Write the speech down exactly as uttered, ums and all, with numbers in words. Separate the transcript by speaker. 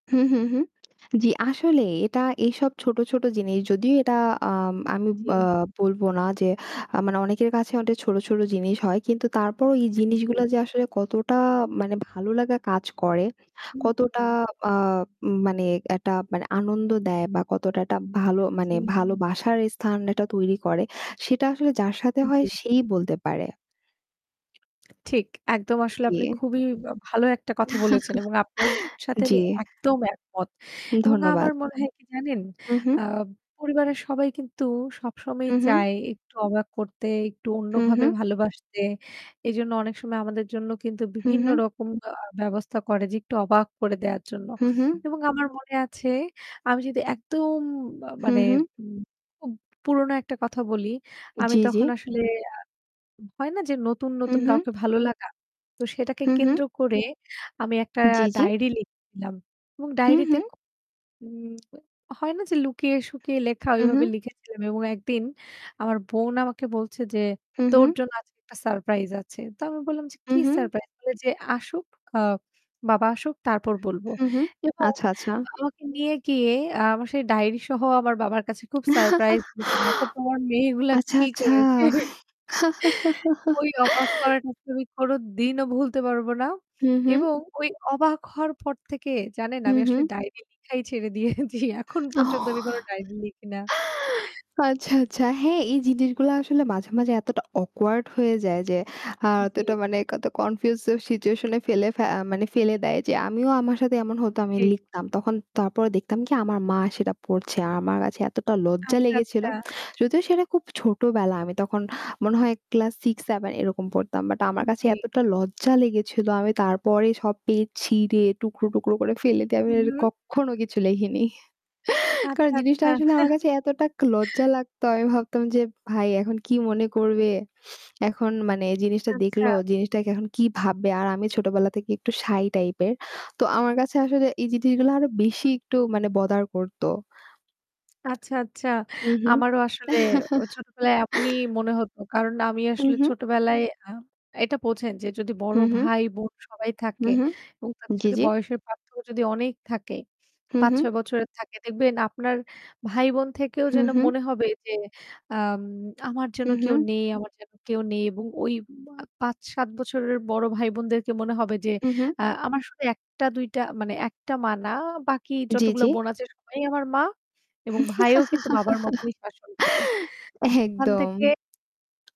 Speaker 1: হুম, হুম, হুম, জি। আসলেই এটা এসব ছোটো, ছোটো জিনিস। যদিও এটা আম আমি
Speaker 2: জি।
Speaker 1: আ বলবো না যে আ মানে অনেকের কাছে অটে ছোটো, ছোটো জিনিস হয়। কিন্তু তারপরও ই
Speaker 2: জি।
Speaker 1: জিনিসগুলা যে আসলে কতটা মানে ভালো লাগা কাজ করে,
Speaker 2: হুম,
Speaker 1: কতটা
Speaker 2: হুম।
Speaker 1: আ উম মানে অ্যাটা মানে আনন্দ দেয় বা কতটা অ্যাটা ভালো মানে
Speaker 2: জি।
Speaker 1: ভালোবাসার স্থান এটা তৈরি করে, সেটা আসলে যার সাথে
Speaker 2: উম
Speaker 1: হয়
Speaker 2: জি।
Speaker 1: সেই বলতে পারে।
Speaker 2: ঠিক, একদম
Speaker 1: উ
Speaker 2: আসলে
Speaker 1: জি।
Speaker 2: আপনি খুবই আ ভালো একটা কথা বলেছেন। এবং আপনার সাথে
Speaker 1: জি।
Speaker 2: আমি একদম একমত। এবং
Speaker 1: ধন্যবাদ।
Speaker 2: আমার মনে হয় কি জানেন?
Speaker 1: হু, হু।
Speaker 2: আ পরিবারের সবাই কিন্তু সবসময়ই
Speaker 1: হু, হু।
Speaker 2: চায় একটু অবাক করতে একটু
Speaker 1: হু,
Speaker 2: অন্যভাবে
Speaker 1: হু।
Speaker 2: ভালোবাসতে। এজন্য অনেক সময় আমাদের জন্য কিন্তু
Speaker 1: হু,
Speaker 2: বিভিন্ন
Speaker 1: হু।
Speaker 2: রকম আ ব্যবস্থা করে যে একটু অবাক করে দেয়ার জন্য।
Speaker 1: হু, হুঁ।
Speaker 2: এবং আমার মনে আছে আমি যদি একদম আ
Speaker 1: হু,
Speaker 2: মানে
Speaker 1: হু।
Speaker 2: উ খুব পুরোনো একটা কথা বলি। আমি
Speaker 1: জি, জি।
Speaker 2: তখন আসলে আ হয় না যে নতুন,
Speaker 1: হু,
Speaker 2: নতুন
Speaker 1: হু।
Speaker 2: কাউকে ভালো লাগা? তো সেটাকে
Speaker 1: হু, হু।
Speaker 2: কেন্দ্র করে আমি একটা
Speaker 1: জি, জি।
Speaker 2: ডায়েরি লিখেছিলাম এবং
Speaker 1: হু,
Speaker 2: ডায়েরিতে
Speaker 1: হু।
Speaker 2: খ উম হয় না যে লুকিয়ে-শুকিয়ে লেখা
Speaker 1: হু, হু।
Speaker 2: ওইভাবে লিখেছিলাম। এবং একদিন আমার বোন আমাকে বলছে যে,
Speaker 1: হু,
Speaker 2: "তোর
Speaker 1: হু।
Speaker 2: জন্য আজকে একটা সারপ্রাইজ আছে।" তো আমি বললাম যে,
Speaker 1: হু,
Speaker 2: "কি
Speaker 1: হু।
Speaker 2: সারপ্রাইজ?" বলে যে, "আসুক। আ বাবা আসুক তারপর বলবো।"
Speaker 1: হু, হু
Speaker 2: এবং
Speaker 1: আচ্ছা, আচ্ছা।
Speaker 2: আমাকে নিয়ে গিয়ে আ আমার সেই ডায়রি সহ আমার বাবার কাছে খুব সারপ্রাইজ [unintelligible] "দেখো তোমার মেয়েগুলা
Speaker 1: আচ্ছা,
Speaker 2: কি
Speaker 1: আচ্ছা।
Speaker 2: করেছে?" ওই অবাক করাটা আমি কোনদিনও ভুলতে পারব না।
Speaker 1: হু, হু।
Speaker 2: এবং ওই অবাক হওয়ার পর থেকে জানেন
Speaker 1: হু,
Speaker 2: আমি
Speaker 1: হু।
Speaker 2: আসলে ডায়রি লিখাই ছেড়ে দিয়েছি। এখন পর্যন্ত আমি কোনো ডায়রি লিখি না।
Speaker 1: আচ্ছা, আচ্ছা। হ্যাঁ, এই জিনিসগুলা আসলে মাঝে, মাঝে এতটা awkward হয়ে যায় যে আ
Speaker 2: উম জি।
Speaker 1: এতটা মানে কত confuse ও situation এ ফেলে ফে আ মানে ফেলে দেয় যে আমিও আমার সাথে এমন হতো আমি
Speaker 2: ঠিক।
Speaker 1: লিখতাম। তখন তারপরে দেখতাম কি আমার মা সেটা পড়ছে। আমার কাছে এতটা লজ্জা
Speaker 2: আচ্ছা,
Speaker 1: লেগেছিল।
Speaker 2: আচ্ছা।
Speaker 1: যদিও সেটা খুব ছোট বেলা আমি তখন মনে হয় ক্লাস six seven এরকম পড়তাম। বাট আমার
Speaker 2: উম
Speaker 1: কাছে
Speaker 2: জি।
Speaker 1: এতটা লজ্জা লেগেছিল। আমি তারপরে সব পেজ ছিঁড়ে টুকরো, টুকরো করে ফেলে দিয়ে
Speaker 2: হু,
Speaker 1: আমি আর
Speaker 2: হু।
Speaker 1: কক্ষনো কিছু লেখেনি। কারণ
Speaker 2: আচ্ছা,
Speaker 1: জিনিসটা
Speaker 2: আচ্ছা।
Speaker 1: আসলে আমার কাছে একটাক লজ্জা লাগতো। আমি ভাবতাম যে "ভাই এখন কি মনে করবে?" এখন মানে এ জিনিসটা দেখল
Speaker 2: আচ্ছা।
Speaker 1: জিনিসটা এখন কি ভাববে? আর আমি ছোটবেলা থেকে একটু shy টাইপ এর। তো আমার কাছে আসলে এই জিনিসগুলো আরো বেশি
Speaker 2: হু।
Speaker 1: একটু মানে bother করত।
Speaker 2: আচ্ছা, আচ্ছা।
Speaker 1: উ হু।
Speaker 2: আমারও অ আসলে ছোটবেলায় এমনই মনে হত। কারণ আমি
Speaker 1: হু,
Speaker 2: আসলে
Speaker 1: হু।
Speaker 2: ছোটবেলায় আ এটা বোঝেন যে যদি
Speaker 1: হু,
Speaker 2: বড়
Speaker 1: হু।
Speaker 2: ভাই, বোন সবাই
Speaker 1: হু,
Speaker 2: থাকে
Speaker 1: হু,
Speaker 2: এবং
Speaker 1: জি,
Speaker 2: তাদের
Speaker 1: জি।
Speaker 2: বয়সের পার্থক্য যদি অনেক থাকে,
Speaker 1: হু,
Speaker 2: পাঁচ
Speaker 1: হু।
Speaker 2: ছয় বছরের থাকে। দেখবেন আপনার ভাই বোন থেকেও
Speaker 1: হু,
Speaker 2: যেন
Speaker 1: হু।
Speaker 2: মনে হবে যে, "আম আমার
Speaker 1: হু,
Speaker 2: যেন কেউ
Speaker 1: হু।
Speaker 2: নেই, আমার যেন কেউ নেই।" এবং ওই আ পাঁচ সাত বছরের বড় ভাই-বোনদেরকে মনে হবে যে
Speaker 1: হু, হু।
Speaker 2: আ আমার শুধু একটা, দুইটা মানে একটা মা না, বাকি
Speaker 1: জি,
Speaker 2: যতগুলো
Speaker 1: জি।
Speaker 2: বোন আছে সবাই আমার মা এবং ভাইও কিন্তু বাবার মতই শাসন করে। [unintelligible] ওখান
Speaker 1: একদম।
Speaker 2: থেকে